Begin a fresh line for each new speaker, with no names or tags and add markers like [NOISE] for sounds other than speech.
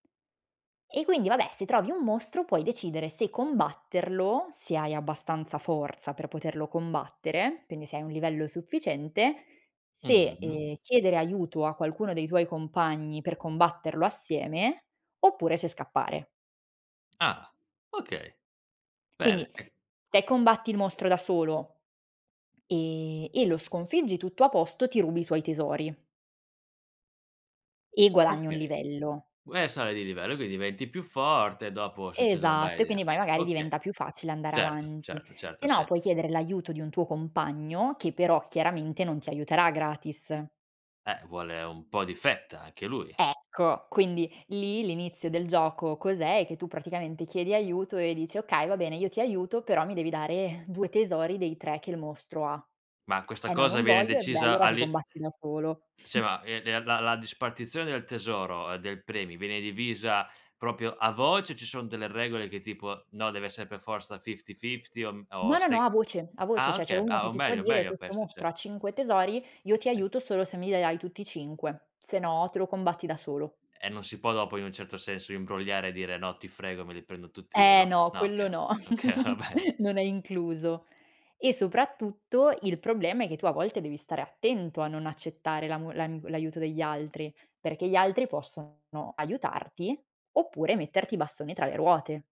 E quindi vabbè se trovi un mostro, puoi decidere se combatterlo, se hai abbastanza forza per poterlo combattere, quindi se hai un livello sufficiente, se,
Mh-mh.
ehm, chiedere aiuto a qualcuno dei tuoi compagni, per combatterlo assieme oppure se scappare.
Ah okay, bene.
Quindi,
E
se combatti il mostro da solo e e lo sconfiggi, tutto a posto, ti rubi i suoi tesori e guadagni 1
Okay,
livello.
gu e sali di livello, e quindi diventi più forte e dopo succedono
Esatto,
varie
e quindi poi
dinamiche.
magari
Okay,
diventa più facile andare
certo,
avanti.
certo,
Se
certo, ha
no,
sens
puoi chiedere l'aiuto di un tuo compagno, che però chiaramente non ti aiuterà gratis.
Eh vuole un po' di fetta, anche lui.
Ecco, quindi, lì, l'inizio del gioco, cos'è? È che tu, praticamente, chiedi aiuto e dici: “Okay, va bene, io ti aiuto, però mi devi dare 2 tesori dei 3 che il mostro ha”.
Ma questa
“Eh, no,
cosa
non
viene
voglio”. "E, beh,
decisa
allora, ti
all'i
combatti da solo."
Sì,
[CHUCKLES]
ma e de la la dispartizione del tesoro, del premio, viene divisa proprio a voce? O ci son delle regole che tipo: "No, deve essere per forza fifty-fifty" o mhmm, o
No, no, no,
sei
a voce, a voce,
Ah,
cioè, c'è
okay.
uno
Ah,
che
o
ti può
meglio,
dire:
meglio
"Questo
questo,
mostro
cert
ha 5 tesori, io ti
Sì.
aiuto solo se mi li dai tutti 5 se no te lo combatti da solo."
E non si può dopo in un certo senso imbrogliare, e dire: "No, ti frego, me li prendo tutti io,"
Eh
no,
no,
no
quello
okay,
no,
okay, va
[GIGGLES]
bene.
non è incluso. E soprattutto il problema è che tu a volte devi stare attento a non accettare l'amo l'ami l'aiuto degli altri, perché gli altri possono aiutarti, oppure metterti i bastoni tra le ruote.